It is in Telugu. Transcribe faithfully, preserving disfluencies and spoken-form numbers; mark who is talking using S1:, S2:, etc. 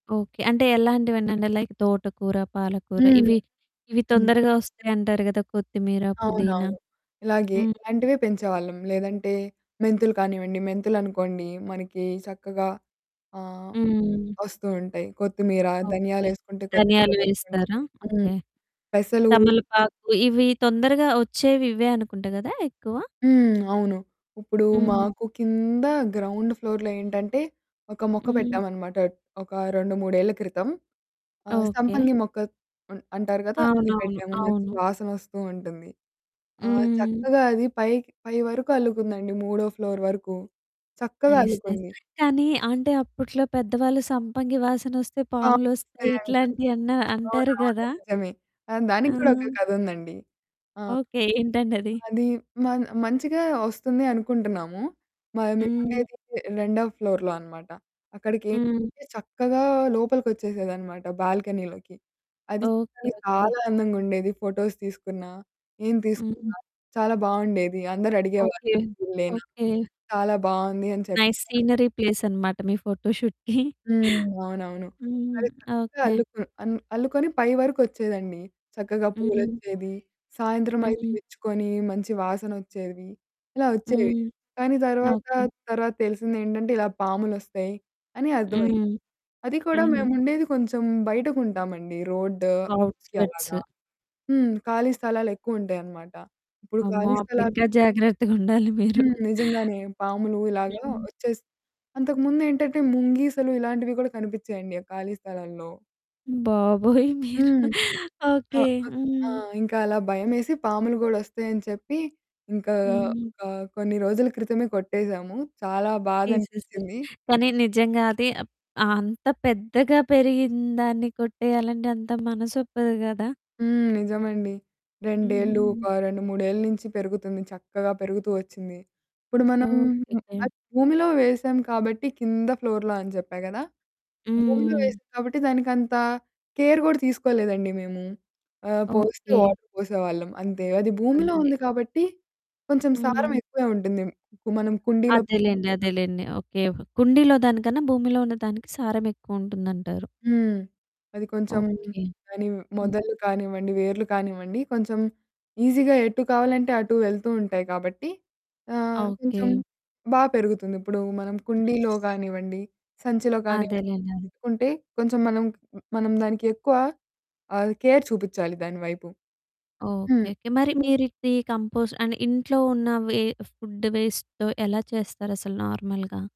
S1: ఓకే. అంటే ఎలాంటివంటంటే లైక్ తోటకూర, పాలకూర,
S2: హ్మ్.
S1: ఇవి, ఇవి
S2: హ్మ్.
S1: తొందరగా ఒస్తాయంటారు కదా! కొత్తిమీర, పుదీనా.
S2: అవునవును. ఇలాగే
S1: హ్మ్.
S2: ఇలాంటివే పెంచేవాళ్ళం. లేదంటే మెంతులు కానివ్వండి మెంతులనుకోండి మనకి సక్కగా ఆహ్,
S1: హ్మ్.
S2: ఒస్తూ ఉంటాయి. కొత్తిమీర,
S1: ఓకే.
S2: ధనియాలేసుకుంటే
S1: ధనియాలు
S2: కొత్తిమీర వస్తుంటాది.
S1: వేస్తారా?
S2: హ్మ్
S1: ఓకే.
S2: పెసలు
S1: తమలపాకు ఇవి తొందరగా ఒచ్చేవి ఇవే అనుకుంట గదా! ఎక్కువ.
S2: హ్మ్. అవును. ఇప్పుడు
S1: హ్మ్.
S2: మాకు కీంద గ్రౌండ్ ఫ్లోర్‌లో ఏంటంటే ఒక మొక్క
S1: హ్మ్.
S2: పెట్టామనమాట ఒక రెండు, మూడేళ్ల క్రితం, ఆహ్,
S1: ఓకే.
S2: సంపంగి మొక్క అ అంటారు కదా! అది
S1: అవునవును,
S2: పెట్టాము. మంచి
S1: అవును.
S2: వాసనొస్తూ ఉంటుంది. ఆ!
S1: హ్మ్.
S2: చక్కగా అది పైకి పై వరకు అల్లుకుందండి మూడో ఫ్లోర్ వరకు చక్కగా
S1: నైస్, నైస్.
S2: అల్లుకుంది.
S1: కానీ అంటే అప్పట్లో పెద్దవాళ్ళు సంపంగి వాసనొస్తే పాములొస్తాయి
S2: పాములొస్తాయంటారు.
S1: ఇట్లాంటియి అన్నా
S2: అవును,
S1: అంటారు
S2: అవును.
S1: గదా!
S2: నిజమే. ఆ! దానికి కూడా ఒక
S1: ఆ!
S2: కథ ఉందండి. ఆ!
S1: ఓకే. ఏంటండది?
S2: అది మ మంచిగా ఒస్తుంది అనుకుంటున్నాము. మా
S1: హ్మ్.
S2: మేముండేది రె రెండో ఫ్లోర్‌లో అనమాట.
S1: హ్మ్.
S2: అక్కడికైతే చక్కగా లోపలికొచ్చేసేదనమాట బాల్కనీలోకి. అది,
S1: ఓకే,
S2: అది
S1: ఓకే.
S2: చాలా అందంగుండేది, ఫోటోస్ తీసుకున్న, ఏం
S1: హ్మ్.
S2: తీసుకున్నా చాలా బావుండేది. అందరూ
S1: ఓకే,
S2: అడిగేవాళ్ళు పువులేన
S1: ఓకే.
S2: చాలా బావుంది అని
S1: నైస్
S2: చెప్తారు.
S1: సీనరీ ప్లేస్ అనమాట. మీ ఫోటోషూట్‌కి.
S2: హ్మ్. అవునవును.
S1: హ్మ్.
S2: అది చక్కగా
S1: ఓకే.
S2: అల్లుకు అన్ అల్లుకొని పై వరకొచ్చేదండి. చక్కగా
S1: హ్మ్.
S2: పూలొచ్చేది, సాయంత్రమైతే
S1: హ్మ్.
S2: విచ్చుకొని మంచి వాసనొచ్చేవి, ఇలా వచ్చేవి.
S1: హ్మ్.
S2: కానీ, తర్వాత
S1: ఓకే.
S2: తర్వాత తెలిసిందేంటంటే ఇలా పాములొస్తాయి అని అర్థమైంది.
S1: హ్మ్.
S2: అది కూడా
S1: హ్మ్.
S2: మేముండేది కొంచెం బయటకుంటామండి. రోడ్డూ‌కి
S1: ఔట్‌స్కర్ట్స్.
S2: అలాగా. హ్మ్. ఖాళీ స్థలాలెక్కువుంటాయనమాట. ఇప్పుడు
S1: అమ్మో!
S2: ఖాళీ
S1: అప్పుడు
S2: స్థలా
S1: ఇంక జాగ్రత్తగుండాలి మీరు.
S2: హ్మ్. నిజంగానే పాములు ఇలాగా
S1: హ్మ్.
S2: వచ్చేస్ అంతకుముందేంటంటే ముంగీసలు ఇలాంటివి కూడా కనిపించేయండి ఆ ఖాళీ స్థలాల్లో.
S1: బాబోయ్! మీరు
S2: హ్మ్. ఆ!
S1: ఓకే.
S2: ఉ ఆ!
S1: హ్మ్.
S2: ఇంక అలా భయమేసి పాములు గూడా ఒస్తాయని చెప్పి ఇంకా
S1: హ్మ్.
S2: ఒక కొన్ని రోజుల క్రితమే కొట్టేసాము, చాలా బాధ
S1: తీసేసారు.
S2: అనిపిచింది.
S1: కానీ, నిజంగా అది అప్ అంత పెద్దగా పెరిగిందాన్ని కొట్టేయాలంటే అంత మనసొప్పదు గదా!
S2: హ్మ్. నిజమండి. రెండేళ్ళు
S1: హ్మ్.
S2: ఒక రెండు, మూడేళ్ల నుంచి పెరుగుతుంది చక్కగా పెరుగుతూ ఒచ్చింది. ఇప్పుడు మనం
S1: ఓకేకే.
S2: అది భూమిలో వేసాం కాబట్టి కింద ఫ్లోర్‌లో అని చెప్పా గదా! భూమిలో
S1: హ్మ్.
S2: వేసాం కాబట్టి దానికంత కేర్ కూడా తీసుకోలేదండి మేము. ఆహ్, పోస్తే
S1: ఓకే.
S2: వాటర్ పోసేవాళ్ళం అంతే. అది భూమిలో
S1: అంతే.
S2: ఉంది కాబట్టి కొంచెం సారం
S1: హ్మ్.
S2: ఎక్కువే ఉంటుంది. కు మనం కుండీలో
S1: అదేలెండి, అదేలెండి. ఓకే. కుండీలో దానికన్నా భూమిలో ఉన్నదానికి సారం ఎక్కువుంటుందంటారు.
S2: హ్మ్. అది కొంచెం
S1: ఓకే.
S2: దాని
S1: హ్మ్.
S2: మొదలు కానివ్వండి, వేర్లు కానివ్వండి కొంచెం ఈజీగా ఎటు కావాలంటే అటు వెళ్తూ ఉంటాయి. కాబట్టి, ఆహ్, కొంచెం
S1: ఓకే.
S2: బా పెరుగుతుంది. ఇప్పుడు మనం కుండీలో
S1: నైస్
S2: కానివ్వండి, సంచిలో కానివ్వండి
S1: అదేలెండి. అన్
S2: పెట్టుకుంటే కొంచెం మనం క్ హ్మ్, మనం దానిక్కేక్కువ అది కేర్ చూపిచాలి దాని వైపు. హ్మ్
S1: ఓకేకే. మరి మీరు ఇది కంపోస్ట్ అండ్ ఇంట్లో ఉన్న వే ఫుడ్ వేస్ట్‌తో ఎలా చేస్తారు అసలు నార్మల్‌గా?